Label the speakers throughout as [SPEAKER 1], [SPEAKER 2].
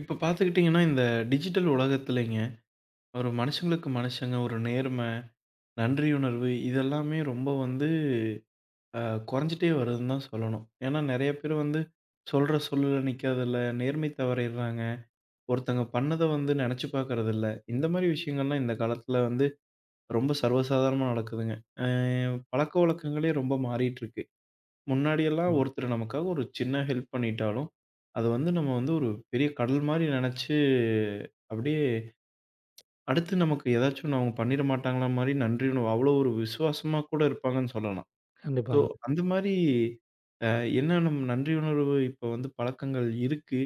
[SPEAKER 1] இப்போ பாத்துக்கிட்டீங்கன்னா இந்த டிஜிட்டல் உலகத்துலிங்க, ஒரு மனுஷங்களுக்கு மனுஷங்க ஒரு நேர்மை, நன்றியுணர்வு இதெல்லாமே ரொம்ப வந்து, ஆ குறைஞ்சுட்டே வருதுன்னுதான் சொல்லணும். ஏன்னா நிறைய பேர் வந்து சொல்ற சொல்லுல நிக்கறதில்ல, நேர்மை தவறீர்றாங்க. ஒருத்தங்க பண்ணத வந்து நினைச்சு பாக்கறது இல்ல. இந்த மாரி விஷயங்கல்லாம் இந்த காலத்துல வந்து ரொம்ப சர்வ சாதாரணமா நடக்குதுங்க. ஆவ் பழக்கவழக்கங்களே ரொம்ப மாறிட்டுருக்கு. முன்னாடி எல்லாம்
[SPEAKER 2] ம்.
[SPEAKER 1] ஒருத்தரு நமக்காக ஒரு சின்ன ஹெல்ப் பண்ணிட்டாலும், அது வந்து நம்ம வந்து ஒரு பெரிய கடல் மாரி நினைச்சு அப்டியே, அடுத்து நமக்கு எதாச்சொன்னு அவங்க பண்ணிறமாட்டாங்களா மாரி நன்றியுணர்வு அவ்ளோ ஒரு விசுவாசமா கூட இருப்பாங்கன்னு சொல்லலாம். ஸோ
[SPEAKER 2] கண்டிப்பாங்க.
[SPEAKER 1] அந்த மாரி அ என்ன நம் நன்றியுணர்வு இப்போ வந்து பழக்கங்கள் இருக்கு.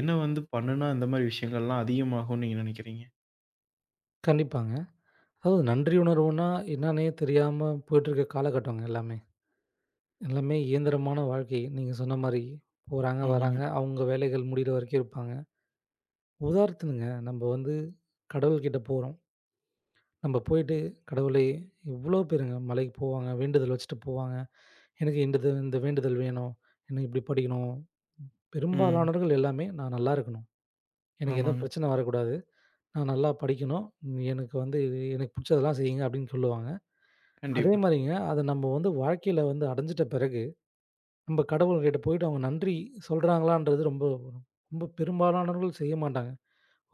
[SPEAKER 1] என்ன வந்து பண்ணுனா இந்த மாதிரி விஷயங்கள்லாம் அதிகமாகும்னு நீங்க நினைக்கிறீங்க?
[SPEAKER 2] கண்டிப்பாங்க. அதாவது நன்றி உணர்வுன்னா என்னான்னே தெரியாம போயிட்டு இருக்க காலகட்டங்க எல்லாமே எல்லாமே இயந்திரமான வாழ்க்கை. நீங்க சொன்ன மாரி போறாங்க,
[SPEAKER 1] ஆமாங்க.
[SPEAKER 2] வர்றாங்க. அவங்க வேலைகள் முடிற வரைக்கும் இருப்பாங்க. உதாரணத்துக்குங்க நம்ப வந்து கடவுள் கிட்ட போறோம். நம்ப போயிட்டு, "கடவுளே எவ்ளோ பேருங்க மலைக்கு போவாங்க. வேண்டுதல் வச்சுட்டு போவாங்க. எனக்கு இண்டுது இந்த வேண்டுதல் வேணும். எனக்கு இப்படி படிக்கணும்."
[SPEAKER 1] ம்.
[SPEAKER 2] பெரும்பாலானவர்கள் எல்லாமே "நான் நல்லா இருக்கணும். எனக்கு எந்தப்
[SPEAKER 1] ஆமாங்க.
[SPEAKER 2] பிரச்சனை வரக் கூடாது. நான் நல்லா படிக்கணும். எனக்கு வந்து இது எனக்குப் புடிச்சதெல்லாம் செய்ங்க" அப்படின்னு சொல்லுவாங்க. அதே
[SPEAKER 1] கண்டிப்பா.
[SPEAKER 2] மாரிங்க அதை நம்ப வந்து வாழ்க்கைல வந்து அடைஞ்சிட்ட பிறகு நம்ம கடவுள் கிட்ட போயிட்டு அவங்க நன்றி சொல்றாங்களான்றது ரொம்ப ரொம்ப பெரும்பாலானவர்கள் செய்யமாட்டாங்க.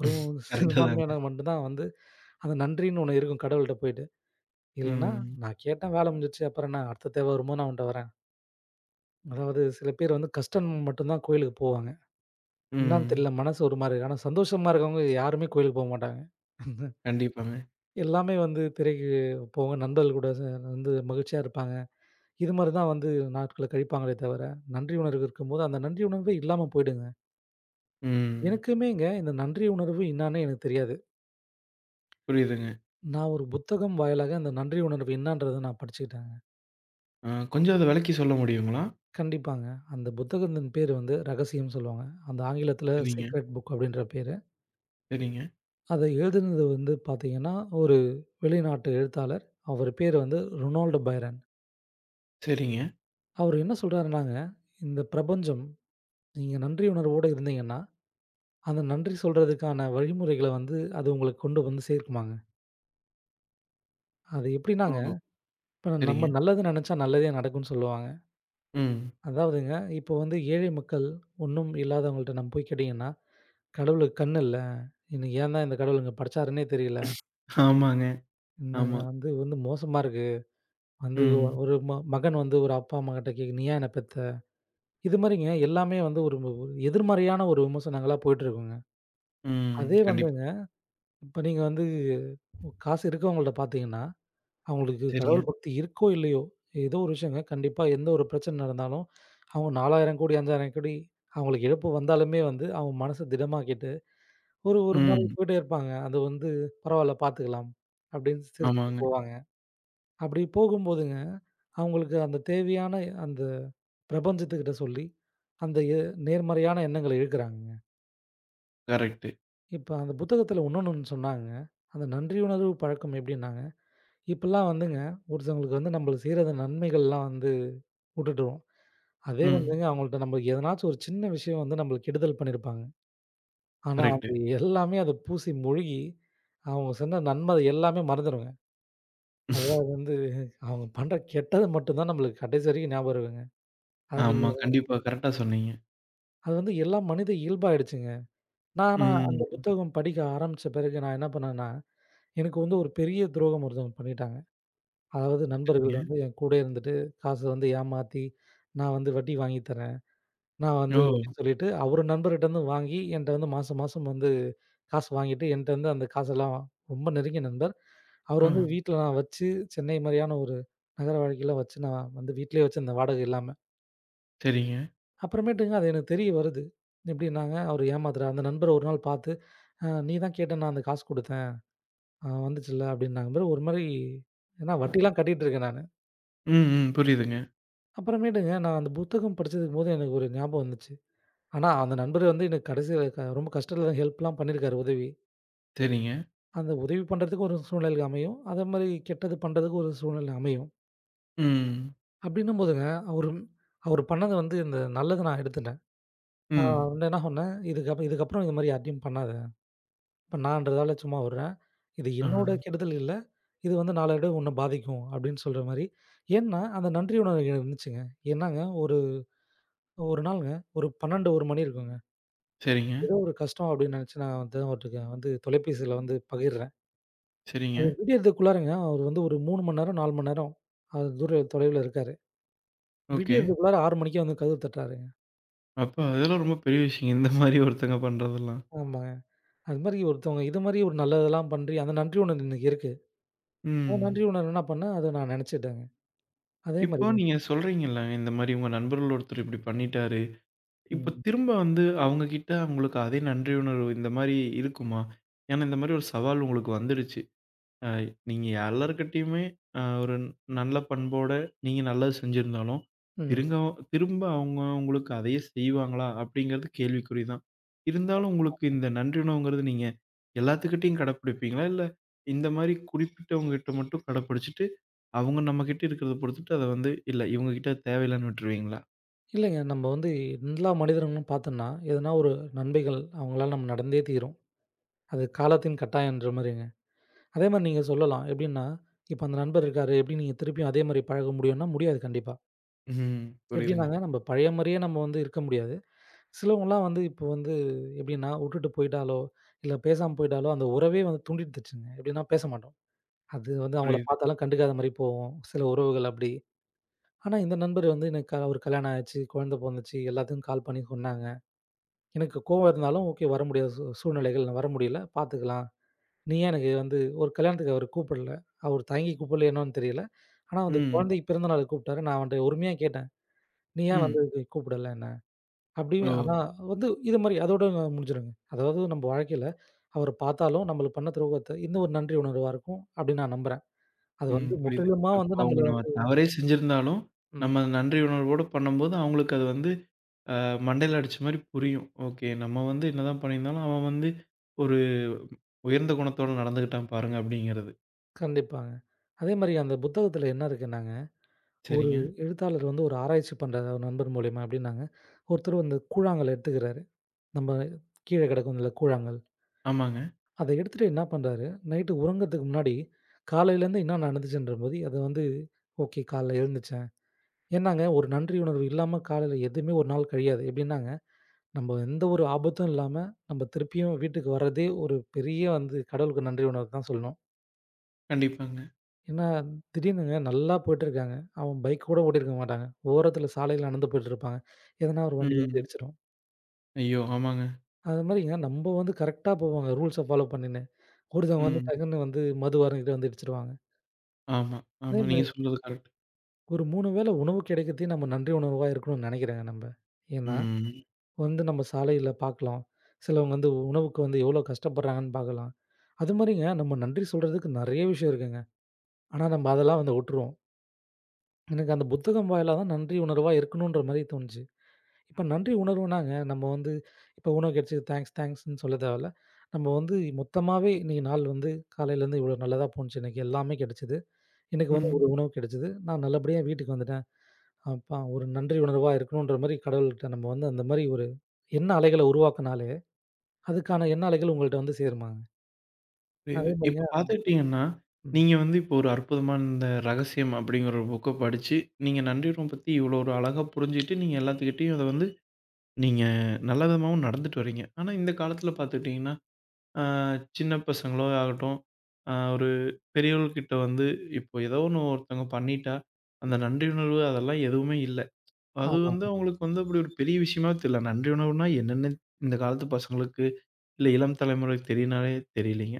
[SPEAKER 2] ஒரு
[SPEAKER 1] கரெக்ட் தாங்க.
[SPEAKER 2] சிறுபான்மையினர் மட்டும்தான் வந்து, அந்த நன்றின்னு ஒண்ணு இருக்கும் கடவுள்ட்ட போயிட்டு. இல்லன்னா,
[SPEAKER 1] ம்.
[SPEAKER 2] நான் கேட்டேன் வேலை முடிஞ்சுருச்சு. அப்புறம் என்ன அடுத்த தேவை வரும்போது நான் உன்கிட்ட வரேன். அதாவது சில பேர் வந்து கஷ்டம் மட்டும்தான் கோயிலுக்குப் போவாங்க. என்னான்னு
[SPEAKER 1] ம்.
[SPEAKER 2] தெரில. மனசு ஒரு மாரி ஆனா சந்தோஷமா இருக்கவங்க யாருமே கோயிலுக்குப் போமாட்டாங்க.
[SPEAKER 1] கண்டிப்பாங்க.
[SPEAKER 2] எல்லாமே வந்து திரைக்குப் போக நண்பர்கள் கூட சேன் வந்து மகிழ்ச்சியா இருப்பாங்க. இது மாரிதான் வந்து நாட்களக் கழிப்பாங்களே தவர, நன்றி உணர்வு இருக்கும்போது. அந்த நன்றி உணர்வே இல்லாம போயிடுங்க.
[SPEAKER 1] ம்.
[SPEAKER 2] எனக்குமேங்க இந்த நன்றி உணர்வு இன்னான்னே எனக்குத் தெரியாது.
[SPEAKER 1] புரியுதுங்க.
[SPEAKER 2] நான் ஒரு புத்தகம் வாயிலாக அந்த நன்றி உணர்வு இன்னான்றதை நான் படிச்சுக்கிட்டேங்க.
[SPEAKER 1] அ கொஞ்சம் அதை விளக்கி சொல்ல முடியுங்களா?
[SPEAKER 2] கண்டிப்பாங்க. அந்தப் புத்தகத்தின் பெயர் வந்து "ரகசியம்"ன்னு சொல்லுவாங்க. அந்த ஆங்கிலத்துல
[SPEAKER 1] சரிங்க.
[SPEAKER 2] "ஸீக்ரட் புக்" அப்டின்ற பேரு.
[SPEAKER 1] சரிங்க.
[SPEAKER 2] அதை எழுதுனது வந்து பாத்தீங்கன்னா ஒரு வெளிநாட்டு எழுத்தாளர். அவர் பெயர் வந்து ரொனால்டோ பைரன்.
[SPEAKER 1] சரிங்க.
[SPEAKER 2] அவரு என்ன சொல்றார்னாங்க, இந்த பிரபஞ்சம் நீங்க நன்றி உணர்வோட இருந்தீங்கன்னா, அந்த நன்றி சொல்றதுக்கான வழிமுறைகள வந்து அது உங்களுக்கு கொண்டு வந்து சேர்க்குமாங்க. அது எப்படின்னாங்க,
[SPEAKER 1] ஓஹோ!
[SPEAKER 2] இப்ப நம்ம
[SPEAKER 1] சரிங்க.
[SPEAKER 2] நல்லது நெனைச்சா நல்லதே நடக்கும்னு சொல்லுவாங்க.
[SPEAKER 1] ம்.
[SPEAKER 2] அதாவதுங்க, இப்ப வந்து ஏழை மக்கள், ஒண்ணும் இல்லாதவங்கள்ட நம்ம போய்க் கேட்டிங்கன்னா "கடவுளுக்கு கண்ணு இல்ல, என்னை ஏந்தா இந்தக் கடவுள் இங்க படைச்சாருன்னே தெரில".
[SPEAKER 1] ஆமாங்க,
[SPEAKER 2] இன்னாங்க
[SPEAKER 1] ஆமா.
[SPEAKER 2] வந்து வந்து மோசமா இருக்கு, வந்து ஒ
[SPEAKER 1] ம்.
[SPEAKER 2] ஒரு ம மகன் வந்து ஒரு அப்பா, அம்மாகிட்ட கேக்குது "நீ ஏன் என்ன பெத்த?" இது மாரிங்க எல்லாமே வந்து ஒரும்ப ஒரு எதிர்மறையான ஒரு விமர்சனங்களா போட்டு இருக்குங்க.அதே
[SPEAKER 1] ம். கண்டிப்
[SPEAKER 2] வந்துங்க இப்ப நீங்க வந்து ஒ காசு இருக்கவங்க கிட்ட பாத்தீங்கன்னா அவங்களுக்கு
[SPEAKER 1] சரிங்க.
[SPEAKER 2] கடவுள் பக்தி இருக்கோ இல்லையோ எதோ ஒரு விஷியம்ங்க கண்டிப்பா எந்த ஒரு பிரச்சன நடந்தாலும் அவங்க 4000 கோடி, 5000 கோடி அவங்களுக்கு இழப்பு வந்தாலுமே வந்து அவங்க மனச திடம் ஆக்கிட்டு, ஒரு ஒரு மாறி
[SPEAKER 1] ம்.
[SPEAKER 2] போயிட்டே இருப்பாங்க. அத வந்து பரவால பாத்துக்கலாம் அப்டினு சிரிச்சுட்டு
[SPEAKER 1] ஆமாங்க.
[SPEAKER 2] போவாங்க. அப்டி போகும் போதுங்க அவங்களுக்கு அந்த தேவையான அந்த ப்ரபஞ்சத்துக்கிட்ட சொல்லி, அந்த எ நேர்மறையான எண்ணங்கள இழுக்கராங்கங்க.
[SPEAKER 1] கரெக்ட்டு.
[SPEAKER 2] இப்ப அந்த புத்தகத்துல இன்னோனு ஒண்ணு சொன்னாங்க, அந்த நன்றி உணர்வு பழக்கம் எப்டின்னாங்க. இப்பெல்லாம் வந்துங்க, ஒருத்தங்களுக்கு வந்து நம்மளு செய்ற அந்த நன்மைகள்லாம் வந்து உட்டுடுவோம். அதே
[SPEAKER 1] ம்.
[SPEAKER 2] வந்துங்க அவங்கள்ட்ட நம்ம எதன்னாச்சு ஒரு சின்ன விஷயம் வந்து நம்மளுக்கு கெடுதல் பண்ணிருப்பாங்க. ஆனா
[SPEAKER 1] கரெக்ட்டு.
[SPEAKER 2] அது எல்லாமே அது பூசி முழுகி, அவங்க செந்த நன்மை எல்லாமே மறந்துறுவோங்க. அதுதான் வந்து, அவங்க பண்ற கெட்டது மட்டும்தான் நம்மளுக்கு கடைசி வரைக்கும் நியாபகம் இருக்குங்க. அது நீங்க
[SPEAKER 1] ஆமா. கண்டிப்பா. கரெக்டா சொன்னீங்க.
[SPEAKER 2] அது வந்து எல்லா மனித இயல்பாயிடுச்சுங்க. நா நான் அந்த
[SPEAKER 1] ம்.
[SPEAKER 2] புத்தகம் படிக்க ஆரம்பிச்ச பிறகு நான் என்ன பண்ணேன்னா, எனக்கு வந்து ஒரு பெரிய துரோகம் ஒருத்தங்க பண்ணிட்டாங்க. அதாவது நண்பர்கள்
[SPEAKER 1] சரிங்க.
[SPEAKER 2] வந்து என் கூடவே இருந்துட்டு, காச வந்து ஏமாத்தி, நான் வந்து வட்டிக்கு வாங்கித்தரேன். நான் வந்து
[SPEAKER 1] ஓ!
[SPEAKER 2] அப்டினு சொல்லிட்டு, அவரு நண்பர்கிட்டருந்து வாங்கி, என்கிட்ட வந்து மாசம் மாசம் வந்து காசு வாங்கிட்டு, என்கிட்டருந்து அந்த காசெல்லாம் ரொம்ப நெருங்கிய நண்பர், அவரு வந்து
[SPEAKER 1] ஆ.
[SPEAKER 2] வீட்ல நான் வச்சு, சென்னை மாரியான ஒரு நகர வாழ்க்கைல வச்சு நான் வந்து வீட்டிலே வச்சுருந்தென் வாடகை இல்லாம.
[SPEAKER 1] சரிங்க.
[SPEAKER 2] அப்புறமேட்டுங்க அது எனக்கு தெரிய வருது. எப்டின்னாங்க, அவரு ஏமாத்தறான் அந்த நண்பர ஒரு நாள் பாத்து "அ நீதான் கேட்டன்னு நான் அந்த காசு குடுத்தேன், அ வந்துச்சில்ல" அப்படின்னாங்க பாரு, ஒருமாறி ஏன்னா வட்டிலாம் கட்டிட்டு இருக்கேன் நானு.
[SPEAKER 1] ம், ம். புரிதுங்க.
[SPEAKER 2] அப்புறமேட்டுங்க, நான் அந்த புத்தகம் படிச்சது போது எனக்கு ஒரு ஞாபகம் வந்துச்சு. ஆனா அந்த நண்பர் வந்து என்ன கடைசி வ ரொம்ப கஷ்டத்துல ஹெல்ப்லாம் பண்ணிருக்காரு, உதவி
[SPEAKER 1] சரிங்க.
[SPEAKER 2] அந்த உதவி பண்ணுறத்துக்கு ஒரு சூழ்நிலை அமையும், அத மாரி கெட்டது பண்றதுக்கும் ஒரு சூழ்நிலை அமையும்.
[SPEAKER 1] ம்.
[SPEAKER 2] அப்டின்னும்போது, அவரும் அவர் பண்ணது வந்து இந்த நல்லத நான் எடுத்துட்டேன். நான்
[SPEAKER 1] ம்.
[SPEAKER 2] வந்து என்ன சொன்னேன் "இதுக்கப் இதுக்கப்புறம் இது மாரி யார்டியும் பண்ணாத, இப்ப நான்றதால சும்மா உடுறேன். இது என்னோட
[SPEAKER 1] அ.
[SPEAKER 2] கெடுதல் இல்ல, இது வந்து நாளைடைவுல உன்னை பாதிக்கும்" அப்படின்னு சொல்ற மாரி. ஏன்னா, அந்த நன்றி உணர்வு இருந்துச்சுங்க. ஏன்னாங்க, ஒரு ஒரு நாள்ங்க, ஒரு 12 1 மணி இருக்குங்க.
[SPEAKER 1] சரிங்க.
[SPEAKER 2] ஏதோ ஒரு கஷ்டம் அப்டின்னு நினைச்சு நான் வந்தேன். அவர்ட்ட கெ வந்து தொலைபேசில வந்து பகிர்றேன்.
[SPEAKER 1] சரிங்க.
[SPEAKER 2] அது விடியரதுக்குள்ளாரங்க, அவர் வந்து ஒரு 3 மணி நேரம், 4 மணி நேரம், அது துறை தொலைவுல இருக்காரு.
[SPEAKER 1] ஓகே.
[SPEAKER 2] விடியரதுக்குள்ளார 6 மணிக்கே வந்து கதவு தட்டுறாருங்க.
[SPEAKER 1] அப்பா! இதெல்லாம் ரொம்ப பெரிய விஷயங்க, இந்த மாரி ஒருத்தங்க பண்றதெல்லாம்.
[SPEAKER 2] ஆமாங்க, அந்த மாரி ஒருத்தவங்க இதுமாரியே ஒரு நல்லதெல்லாம் பண்ணி, அந்த நன்றி உணர்வு இன்னும் இருக்கு. அந்த
[SPEAKER 1] ம்.
[SPEAKER 2] நன்றி உணர்வு என்ன பண்ணேன், அதை நான் நினைச்சுட்டேங்க. அதே
[SPEAKER 1] இப்போ
[SPEAKER 2] மாரிங்க.
[SPEAKER 1] நீங்க சொல்றீங்கல்ல "இந்த மாரி உங்க நண்பர்கள்ல ஒருத்தர் இப்படி பண்ணிட்டாரு" இப்ப
[SPEAKER 2] ம்.
[SPEAKER 1] திரும்ப வந்து அவங்ககிட்ட உங்களுக்கு அதே நன்றியுணர்வு இந்த மாரி இருக்குமா? ஏன்னா இந்த மாரி ஒரு சவால் உங்களுக்கு வந்துருச்சு. ஆ நீங்க எல்லார்கிட்டயுமே அ ஒரு நல்ல பண்போட நீங்க நல்லது செஞ்சிருந்தாலும்
[SPEAKER 2] ம்.
[SPEAKER 1] திருங்கவ் திரும்ப அவங்க உங்களுக்கு அதையே செய்வாங்களா அப்படிங்கறது கேள்விக்குறிதான். இருந்தாலும் உங்களுக்கு
[SPEAKER 2] [unintelligible]
[SPEAKER 1] இந்த நன்றியுணர்வுங்கறது நீங்க எல்லாத்துகிட்டயும் கடைபிடிப்பீங்களா இல்ல இந்த மாரி குறிப்பிட்டவங்ககிட்ட மட்டும் கடப்பிடிச்சிட்டு அவங்க நம்மகிட்ட இருக்கறத பொறுத்துட்டு அதை வந்து இல்ல இவங்ககிட்ட தேவ இல்லைன்னு விட்ருவீங்களா?
[SPEAKER 2] இல்லைங்க நம்ம வந்து எல்லா மனிதர்களும் பாத்தம்ன்னா எதுனா ஒரு நண்மைகள் அவங்களால நம் நடந்தே தீரும். அது காலத்தின் கட்டாயம்ன்ற மாரிங்க. அதே மாரி நீங்க சொல்லலாம். எப்டின்னா, இப்ப அந்த நண்பர் இருக்காரு. எப்டி நீங்க திருப்பியும் அதே மாரி பழக முடியும்னா, முடியாது கண்டிப்பா. எப்டின்னாங்க
[SPEAKER 1] புரியுதுங்க.
[SPEAKER 2] நம்ப பழைய மாரியே நம்ம வந்து இருக்க முடியாது. சிலவங்கலாம் வந்து இப்போ வந்து எப்டின்னா வுட்டுட்டு போயிட்டாலோ, இல்ல பேசாம போயிட்டாலோ, அந்த உறவே வந்து துண்டித்துடுச்சுங்க. எப்டினா பேசமாட்டோம். அது வந்து அவங்கள
[SPEAKER 1] புரியுது.
[SPEAKER 2] பார்த்தாலும் கண்டுக்காத மாரி போவோம். சில உறவுகள் அப்டி. ஆனா இந்த நண்பர் வந்து எனக்கு க 1 கல்யாணம் ஆச்சு, குழந்தை பொண்ணு வந்துச்சு, எல்லாத்துக்கும் கால் பண்ணி சொன்னாங்க. எனக்குக் கோவம் இருந்தாலும் ஓகே வர முடியாத சூழ்நிலைகள். நான் வர முடியல பாத்துக்கலாம். நீ ஏன் எனக்கு வந்து 1 கல்யாணத்துக்கு அவர் கூப்பிடல? அவர் தயங்கி கூப்பிடல என்னன்னு தெரியல. ஆனா அந்தக்
[SPEAKER 1] ம்.
[SPEAKER 2] குழந்தை பிறந்தநாளுக்கு கூப்பிட்டாரு. நான் அவன்ட்ட உரிமையா கேட்டேன். "நீ ஏன்
[SPEAKER 1] ம்.
[SPEAKER 2] வந்து கூப்பிடல என்ன" அப்டின்னு. ஆனா
[SPEAKER 1] ஒ.
[SPEAKER 2] வந்து இது மாரி அதோட முடிஞ்சிருங்க. அதாவது நம்ப வாழ்க்கையில அவர பார்த்தாலும் நம்மளுக்கு பண்ண துரோகத்த இந்த 1 நன்றி உணர்வா இருக்கும் அப்டின்னு நான் நம்புறேன். அது
[SPEAKER 1] ம்.
[SPEAKER 2] வந்து
[SPEAKER 1] புரியிது.
[SPEAKER 2] முற்றிலுமா வந்து
[SPEAKER 1] இப்போ அவங்க
[SPEAKER 2] நம்மள
[SPEAKER 1] நம்ம
[SPEAKER 2] வந்து
[SPEAKER 1] தவறே செஞ்சிருந்தாலும்
[SPEAKER 2] ம்.
[SPEAKER 1] நம்ம நன்றி உணர்வோட பண்ணும்போது, அவங்களுக்கு அது வந்து அ மண்டையில அடிச்ச மாரி புரியும். "ஓகே. நம்ம வந்து என்னதான் பண்ணியிருந்தாலும் அவன் வந்து 1 உயர்ந்த குணத்தோட நடந்துக்கிட்டான் பாருங்க" அப்டிங்கிறது.
[SPEAKER 2] கண்டிப்பாங்க. அதே மாரி அந்தப் புத்தகத்துல என்ன இருக்குன்னாங்க, 1
[SPEAKER 1] சரிங்க.
[SPEAKER 2] எழுத்தாளர் வந்து 1 ஆராய்ச்சி பண்றதா நண்பர் மூலியமா அப்டின்னாங்க. ஒருத்தர் வந்து கூழாங்கல் எடுத்துக்கிறாரு. நம்ப கீழே கிடக்கும்ல கூழாங்கல்.
[SPEAKER 1] ஆமாங்க.
[SPEAKER 2] அத எடுத்துட்டு என்ன பண்றறாரு, நைட் உறங்குத்துக்கு முன்னாடி காலையிலருந்து என்ன நடந்துச்சுன்றபோது அத வந்து, ஓகே காலையில எழுந்திருச்சேன். ஏன்னாங்க 1 நன்றி உணர்வு இல்லாம காலையில எதுவுமே 1 நாள் கழியாது. எப்டின்னாங்க, நம்ப எந்த 1 ஆபத்தும் இல்லாம நம்ப திருப்பியும் வீட்டுக்கு வர்றதே 1 பெரிய வந்து கடவுளுக்கு நன்றி உணர்வத்தான் சொல்லணும்.
[SPEAKER 1] கண்டிப்பாங்க.
[SPEAKER 2] ஏன்னா திடீர்னுங்க நல்லா போயிட்டுருக்காங்க. அவன் பைக் கூடப் ஓட்டிருக்க மாட்டாங்க. ஓரத்துல சாலையில நடந்து போயிட்டு இருப்பாங்க. எதனா 1 வண்டி வந்து
[SPEAKER 1] ம்.
[SPEAKER 2] இடிச்சிரும்.
[SPEAKER 1] ஐயோ! ஆமாங்க.
[SPEAKER 2] அது மாரிங்க, நம்ப வந்து கரெக்டா போவாங்க ரூல்ஸ் ஃபாலோ பண்ணுன்னு. ஒருத்தவங்க வந்து
[SPEAKER 1] ம்.
[SPEAKER 2] டக்குன்னு வந்து மது அருந்திட்டு வந்து இடிச்சிருவாங்க.
[SPEAKER 1] ஆமா, ஆமா நீங்க
[SPEAKER 2] [unintelligible]
[SPEAKER 1] சொல்றது கரெக்ட்.
[SPEAKER 2] ஒரு 3 வேள உணவு கிடைக்கிறதுக்கு நம்ம நன்றி உணர்வா இருக்கணும்னு நெனைக்கிறேங்க நம்ப. ஏன்னா
[SPEAKER 1] ம், ம்.
[SPEAKER 2] வந்து நம்ம சாலையில பாக்கலாம். சிலவங்க வந்து உணவுக்கு வந்து எவ்வளோ கஷ்டப்படுறாங்கன்னு பார்க்கலாம். அது மாதிரிங்க நம்ம நன்றி சொல்றதுக்கு நிறைய விஷயம் இருக்குங்க. ஆனா நம்ம அதெல்லாம் வந்து விட்டுருவோம். எனக்கு அந்தப் புத்தகம் வாயிலதான் நன்றி உணர்வா இருக்கணுன்ற மாதிரி தோணுச்சு. இப்ப நன்றி உணர்வுனாங்க நம்ம வந்து இப்ப உணவு கிடைச்சு தாங்க்ஸ் தாங்க்ஸ்ன்னு சொல்லத் தேவயில்ல. நம்ப வந்து மொத்தமாவே இன்னைக்கு நாள் வந்து காலையில இருந்து இவ்ளோ நல்லதா போனுச்சு. இன்னைக்கு எல்லாமே கிடைச்சுது. இன்னைக்கு வந்து
[SPEAKER 1] ம்.
[SPEAKER 2] ஒரு உணவு கிடைச்சுது. நான் நல்லபடியா வீட்டுக்கு வந்துட்டேன். அப்பா ஒரு நன்றி உணர்வா இருக்கணுன்ற மாதிரி கடவுள்ட்ட நம்ப வந்து அந்த மாதிரி ஒரு எண்ண அலைகள உருவாக்கினாலே அதுக்கான எண்ண அலைகள் உங்கள்ட்ட வந்து சேருமாங்க.
[SPEAKER 1] இப்ப இது
[SPEAKER 2] அதே மாதிரி
[SPEAKER 1] இப்ப பாத்துக்கிட்டீங்கன்னா,
[SPEAKER 2] ம். ம்.
[SPEAKER 1] நீங்க வந்து இப்ப ஒரு அற்புதமான ரகசியம் அப்படிங்கிற ஒரு புக்கைப் படிச்சு நீங்க நன்றி உணர்வு பத்தி இவ்வளோ ஒரு அழகா புரிஞ்சுகிட்டு நீங்க எல்லாத்துகிட்டயும் அத வந்து நீங்க நல்ல விதமாவும் நடந்துட்டு வர்றீங்க. ஆனா இந்தக் காலத்துல பாத்துக்கிட்டீங்கன்னா, ஆ, சின்னப் பசங்களோ ஆகட்டும், அ, ஒரு பெரியவங்ககிட்ட வந்து இப்போ எதாவது ஒண்ணு ஒருத்தங்க பண்ணிட்டா, அந்த நன்றி உணர்வு அதெல்லாம் எதுவுமே இல்ல. அது
[SPEAKER 2] ஆமா.
[SPEAKER 1] வந்து
[SPEAKER 2] ம்.
[SPEAKER 1] அவங்களுக்கு வந்து அப்படி ஒரு பெரிய விஷயமாவே தெரியல. நன்றி உணர்வுன்னா என்னன்னே இந்தக் காலத்து பசங்களுக்கு, இல்ல இளம் தலைமுறைக்குத் தெரிஞ்சாலே தெரியலைங்க.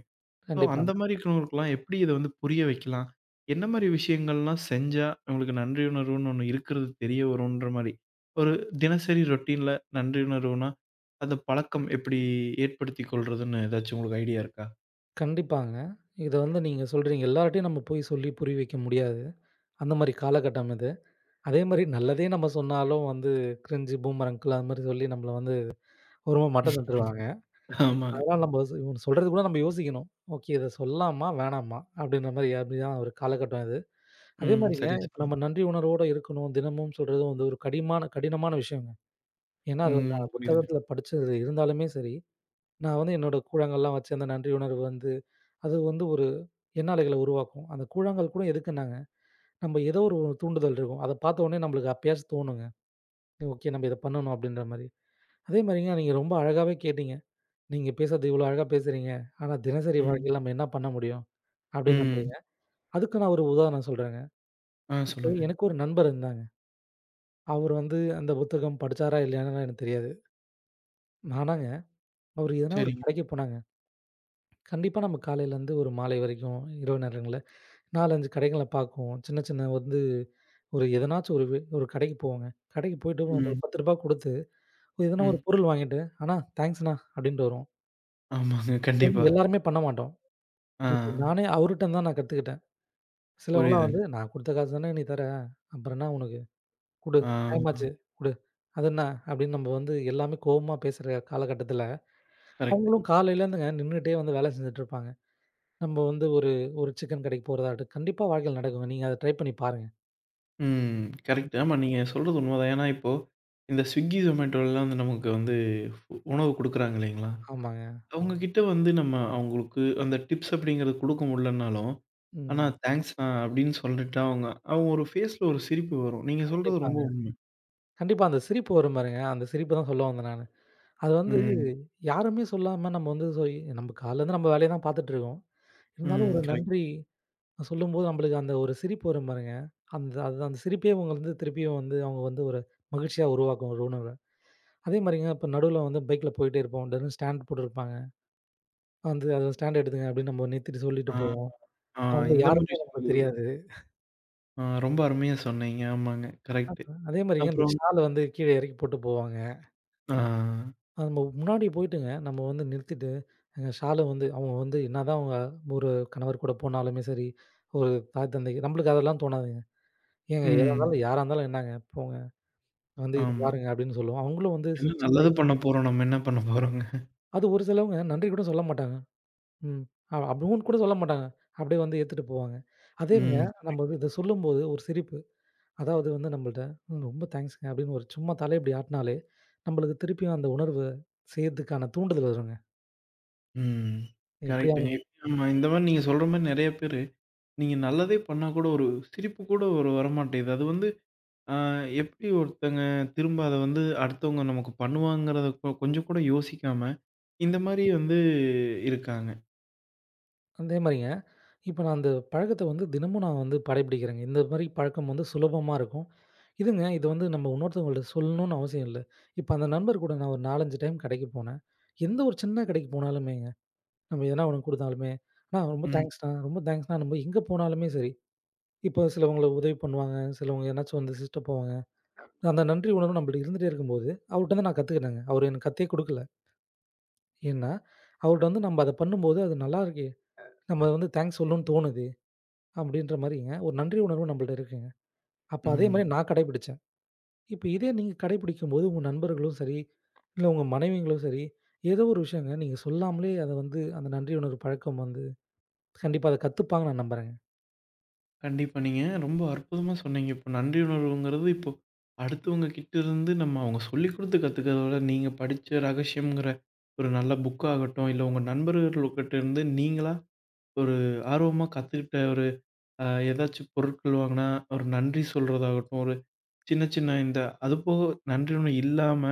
[SPEAKER 1] சோ அந்த
[SPEAKER 2] கண்டிப்பாங்க.
[SPEAKER 1] மாதிரி இருக்கிறவங்களுக்குலாம் எப்படித் இத வந்து புரிய வைக்கலாம்? என்ன மாதிரி விஷயங்கள்லாம் செஞ்சா அவங்களுக்கு நன்றி உணர்வுன்னு ஒண்ணு இருக்கிறது தெரியவரும்ன்ற மாதிரி. ஒரு தினசரி ரொடீன்ல நன்றி உணர்வுனா அந்தப் பழக்கம் எப்படிஏற்படுத்திக் கொள்றதுன்னு ஏதாச்சு உங்களுக்கு ஐடியா இருக்கா?
[SPEAKER 2] கண்டிப்பாங்க. இதை வந்து நீங்க சொல்கிறீங்க. எல்லாரு கிட்டயும் நமக்கு போய்ச் சொல்லிப் புரிய வைக்க முடியாது. அந்த மாதிரி காலகட்டம் அது. அதே மாதிரி நல்லதே நமக்கு சொன்னாலும் வந்து கிரிஞ்ச் பூமர் அங்கிள் அது மாதிரி சொல்லி நம்மள வந்து, ஒரு மாதிரி மட்டம் தட்டுவாங்க.
[SPEAKER 1] ஆமாங்க.
[SPEAKER 2] அதனால் நமக்கு சொ சொல்கிறது கூட நமக்கு யோசிக்கவேண்டும். ஓகே இதை சொல்லலாமா, வேணாமா அப்படின்ற மாதிரி அப்படித்தான் ஒரு காலகட்டம் இது. அதே
[SPEAKER 1] ம்.
[SPEAKER 2] மாதிரிங்க
[SPEAKER 1] சரியா
[SPEAKER 2] இப்போ
[SPEAKER 1] சொன்னீங்க.
[SPEAKER 2] நாம் நன்றி உணர்வோட இருக்கவேண்டும். தினமும் சொல்கிறது வந்து ஒரு கடிமான கடினமான விஷயங்க. ஏன் என்றால் அது
[SPEAKER 1] ம்.
[SPEAKER 2] [unintelligible]
[SPEAKER 1] புரியுதுங்க.
[SPEAKER 2] புத்தகத்தில் படித்தது. இருந்தாலுமே சரி நான் வந்து என்னோட கூழாங்கல் எல்லாம் வைத்தி அந்த நன்றி உணர்வு வந்து அது வந்து ஒரு எண்ண அலைகளை உருவாக்கும். அந்தக் கூழாங்கல் கூட எதுக்கு என்றால், நமக்கு ஏதோ ஒரு தூண்டுதல் இருக்கும். அதை பார்த்த உடனே நமக்கு அப்பொழுது தோணும்-ங்க. ஓகே நமக்கு இதை பண்ணனும் அப்படின்ற மாதிரி. அதே மாதிரிங்க நீங்க ரொம்ப அழகாகவே கேட்டீங்க. நீங்க பேசுகிறது இவ்வளவோ அழகாக பேசுகிறீங்க. ஆனா தினசரி
[SPEAKER 1] ம்.
[SPEAKER 2] வாழ்க்கையில் நமக்கு என்ன பண்ண முடியும் அப்படி என்று தான்
[SPEAKER 1] ம்.
[SPEAKER 2] நம்புகிறீர்கள். அதற்கு நான் ஒரு உதாரணம் சொல்கிறேன்.
[SPEAKER 1] அ
[SPEAKER 2] இப்போ
[SPEAKER 1] சொல்லுங்க.
[SPEAKER 2] எனக்கு ஒரு நண்பர் இருந்தாங்க. அவரு வந்து அந்தப் புத்தகம் படித்தாரா இல்லையா என்று எனக்குத் தெரியாது. ஆனால் அவரு எதோ ஒரு
[SPEAKER 1] சரிங்க.
[SPEAKER 2] கடைக்குப் போனாங்க, கண்டிப்பாக நாம் காலையிலிருந்து ஒரு மாலை வரைக்கும் இரவு நேரங்களில் 4, 5 கடைகளை பார்க்கிறோம். சின்ன சின்ன வந்து ஒரு எதோ ஒன்று ஒரு வ ஒரு கடைக்குப் போவோம். கடைக்குப் போயிட்டு நாம் ஒரு
[SPEAKER 1] ம்.
[SPEAKER 2] ரூ. 10 ரூபாய் கொடுத்து எதோ ஒரு
[SPEAKER 1] ம்.
[SPEAKER 2] பொருள் வாங்கிட்டு அண்ணா தாங்க்ஸ் அண்ணா அப்டின்ட்டு வருவோம்.
[SPEAKER 1] ஆமாங்க,
[SPEAKER 2] இது
[SPEAKER 1] கண்டிப்பா.
[SPEAKER 2] வந்து எல்லாருமே பண்ண மாட்டோம். இப்ப
[SPEAKER 1] ஆ.
[SPEAKER 2] நானே அவருகிட்ட இருந்து தான் நான் கத்துக்கிட்டேன். சில ஆட்கள் எல்லாம்
[SPEAKER 1] புரியுதுங்க.
[SPEAKER 2] வந்து, "நான் குடுத்த காசுதானே நீ தர அப்புறம் என்ன உனக்கு? குடு டைம்
[SPEAKER 1] ஆமா.
[SPEAKER 2] ஆச்சு குடு." அதென்ன அப்டின்னு நம்ப வந்து எல்லாமே கோவமா பேசுற காலகட்டத்துல,
[SPEAKER 1] கரெக்ட்.
[SPEAKER 2] அவங்களும் காலையில் இருந்து நின்னுட்டே வந்து வேலை செஞ்சிட்டு இருப்பாங்க. நம்ப வந்து ஒரு ஒரு சிக்கன் கடைக்குப் போவதற்கு. கண்டிப்பா வாழ்க்கையில நடக்கும். நீங்க அதை ட்ரை பண்ணி பாருங்க.
[SPEAKER 1] ம். கரெக்ட். ஆமா நீங்க சொல்றது உண்மதான். ஏன்னா இப்போ இந்த Swiggy, Zomatto எல்லாம் வந்து நமக்கு வந்து உணவு குடுக்கறாங்களேங்கல்ல.
[SPEAKER 2] ஆமாங்க.
[SPEAKER 1] அவங்ககிட்ட வந்து நம்ம அவங்களுக்கு அந்த டிப்ஸ் அப்படிங்கிறது குடுக்க முடியலைன்னாலும் அண்ணா
[SPEAKER 2] ம்.
[SPEAKER 1] தேங்ஸ்ண்ணா அப்படின்னு சொல்லிட்டா அவங்க அவுங்க ஒரு ஃபேஸ்ல ஒரு சிரிப்பு வரும். நீங்க சொல்றது ரொம்ப
[SPEAKER 2] கண்டிப்பாங்க.
[SPEAKER 1] உண்ம.
[SPEAKER 2] கண்டிப்பா அந்தச் சிரிப்பு வரும் பாருங்க. அந்தச் சிரிப்பு தான் சொல்ல வந்தேன் நானு. அது வந்து
[SPEAKER 1] ம்.
[SPEAKER 2] யாருமே சொல்லாம நம்ம வந்து சேரி நம்ம காலையில இருந்து நம்ம வேலைய தான் பாத்துட்டு இருக்கோம். இருந்தாலும்
[SPEAKER 1] ம்.
[SPEAKER 2] ஒரு
[SPEAKER 1] கரெக்ட்
[SPEAKER 2] நன்றி சொல்லும்போது நம்மளுக்கு அந்த ஒரு சிரிப்பு வரும் பாருங்க. அந்த அந்த சிரிப்பையே உங்களால திருப்பியும் வந்து அவங்க வந்து ஒரு மகிழ்ச்சியா உருவாக்கும் ஒரு உணர்வ. அதே மாரிங்க இப்ப நடுவ்ல வந்து பைக்ல போயிட்டே இருப்போம். திடீர்னு ஸ்டாண்டு போட்டு இருப்பாங்க. வந்து அந்த ஸ்டாண்டு எடுத்துகங்க அப்படின்னு நம்ம நிறுத்திட்டு சொல்லிட்டு
[SPEAKER 1] ஆ,
[SPEAKER 2] போவோம்.
[SPEAKER 1] அ
[SPEAKER 2] அவங்க
[SPEAKER 1] இந்த மாதிரி
[SPEAKER 2] யாருன்னே நமக்குத்
[SPEAKER 1] விஷயங்கள்.
[SPEAKER 2] தெரியாது.
[SPEAKER 1] அ ரொம்ப அருமையா சொன்னீங்க. ஆமாங்க கரெக்ட்.
[SPEAKER 2] அதே மாரி அந்த
[SPEAKER 1] அப்புறம்
[SPEAKER 2] சால் வந்து கீழே இறக்கி போட்டுப் போவாங்க.
[SPEAKER 1] ஆ.
[SPEAKER 2] அது நம்ம முன்னாடி போயிட்டுங்க நம்ம வந்து நிறுத்திட்டு ஏங்க சால் வந்து அவங்க வந்து என்னதான் அவங்க ஒரு கணவர் கூடப் போனாலுமே சரி, ஒரு தாய் தந்தை நம்மளுக்கு அதெல்லாம் தோணாதுங்க. ஏங்க எதா
[SPEAKER 1] ம்.
[SPEAKER 2] இருந்தாலும் யாரா இருந்தாலும் என்னங்க போங்க வந்து இத
[SPEAKER 1] ஆமா.
[SPEAKER 2] பாருங்க அப்படின்னு சொல்லுவோம். அவங்களும் வந்து
[SPEAKER 1] என்ன
[SPEAKER 2] சிரிச்சிகிட்டே
[SPEAKER 1] நல்லது பண்ணப்போறோம்? நம்ம என்ன பண்ணப்போறோம்ங்க?
[SPEAKER 2] அது ஒரு சிலவங்க நன்றி கூடச் சொல்லமாட்டாங்க. ம். அப்படின்னு கூடச் சொல்லமாட்டாங்க. அப்படி வந்து எடுத்துட்டு போவாங்க. அதே
[SPEAKER 1] ம்.
[SPEAKER 2] சமயம் நம்ம
[SPEAKER 1] கரெக்ட்.
[SPEAKER 2] இத சொல்லும்போது ஒரு சிரிப்பு. அதாவது நம்மள்ட ரொம்ப தேங்ஸ்ங்க. அப்படின்னு ஒரு சும்மா தலை ஆட்டுனாலே நம்மளுக்கு திருப்பியும் அந்த உணர்வ செய்யறதுக்கான தூண்டுதல் வருங்க.
[SPEAKER 1] ம். கரெக்ட்ங்க.
[SPEAKER 2] எப்படியாவனும்
[SPEAKER 1] இந்த மாரி நீங்க சொல்ற மாரி நறைய பேரு, நீங்க நல்லதே பண்ணா கூட ஒரு சிரிப்பு கூட ஒரு வரமாட்டேங்குது. அது வந்து அ எப்படி ஒருத்தங்க திரும்ப அதை வந்து அடுத்தவங்க நமக்கு பண்ணுவாங்கறதை கொஞ்சம் கூட யோசிக்காம இந்த மாரி வந்து இருக்காங்க.
[SPEAKER 2] அந்தே மாரிங்க. இப்ப நான் அந்தப் பழக்கத்தை வந்து தினமும் நான் வந்து கடைபிடிக்கிறேங்க. இந்த மாதிரிப் பழக்கம் வந்து சுலபமா இருக்கும். இதுங்க. இதை வந்து நம்ம இன்னொருத்தவங்கள்ட சொல்லணும்னு அவசியம் இல்ல. இப்ப அந்த நண்பர் கூட நான் ஒரு 4, 5 டைம் கடைக்குப் போனேன். எந்த ஒரு சின்னக் கடைக்குப் போனாலுமேங்க, நம்ம எதனா குடுத்தாலுமே "ணா ரொம்ப தேங்க்ஸ் ணா. ரொம்ப தேங்க்ஸ் ணா." நம்ம எங்க போனாலுமே சரி. இப்போ சிலவங்க உதவி பண்ணுவாங்க. சிலவங்க என்னாச்சு வந்து சிஸ்ட் போவாங்க. அந்த நன்றி உணர்வு நம்மள்ட இருந்துகிட்டே இருக்கும்போது அவருகிட்ட நான் கத்துக்கிட்டாங்க. அவரு எனக்குக் கத்தே குடுக்கல. ஏன்னா அவர்கிட்ட வந்து நம்ம அதை பண்ணும்போது, அது நல்லா இருக்கு. நம்ம வந்து தேங்க்ஸ் சொல்லணும்னு தோணுது அப்படிங்கிற மாதிரி ஒரு நன்றி உணர்வு நம்மகிட்ட இருக்குங்க. அப்ப அதே
[SPEAKER 1] ம்ஹ்ம்.
[SPEAKER 2] மாதிரி நான் கடைபிடிச்சேன். இப்ப இதே நீங்கக் கடைபிடிக்கும்போது உங்க நண்பர்களும் சரி, இல்ல உங்க மனைவிங்களோ சரி, ஏதோ ஒரு விஷயம் நீங்க சொல்லாமலே அதை வந்து அந்த நன்றி உணர் பழக்கம் வந்து கண்டிப்பா அதைக் கத்துப்பாங்கன்னு நான் நம்புறேங்க.
[SPEAKER 1] கண்டிப்பா, நீங்க ரொம்ப அற்புதமா சொன்னீங்க. இப்ப நன்றி உணர்வுங்கிறது, இப்ப அடுத்தவங்ககிட்ட இருந்து நம்ம அவங்க சொல்லிக்குடுத்து கத்துக்கிறத விட, நீங்கப் படிச்ச ரகசியங்கிற ஒரு நல்ல புக்காகட்டும். இல்ல, உங்க நண்பர்கள் கிட்ட இருந்து நீங்களா ஒரு ஆர்வமா கத்துக்கிட்ட ஒரு, அ, எதாச்சு பொருட்கள் வாங்குனா ஒரு நன்றி சொல்றதாகட்டும். ஒரு சின்ன சின்ன இந்த அது போக, நன்றி ஒண்ணும் இல்லாம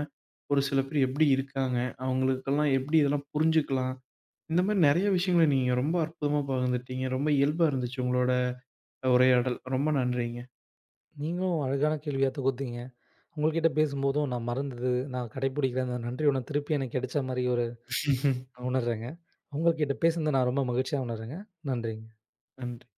[SPEAKER 1] ஒரு சில பேர் எப்படி இருக்காங்க, அவங்களுக்கு எல்லாம் எப்படி இதெல்லாம் புரிஞ்சுக்கலாம். இந்த மாதிரி நிறைய விஷயங்களை நீங்க ரொம்ப அற்புதமா பகிர்ந்துக்கிட்டீங்க. ரொம்ப இயல்பா இருந்துச்சு உங்களோட உரையாடல். ரொம்ப நன்றிங்க.
[SPEAKER 2] நீங்களும் அழகான கேள்வியைத் தொகுத்தீங்க. உங்ககிட்ட பேசும்போதும் நான் மறந்து, நான் கடைபிடிக்கிற நன்றி உணர்வு திருப்பியும் எனக்குக் கிடைச்ச மாதிரி நான் உணர்றேங்க. உங்ககிட்ட பேசினது நான் ரொம்ப மகிழ்ச்சியா உணர்றேங்க. நன்றிங்க.
[SPEAKER 1] நன்றி.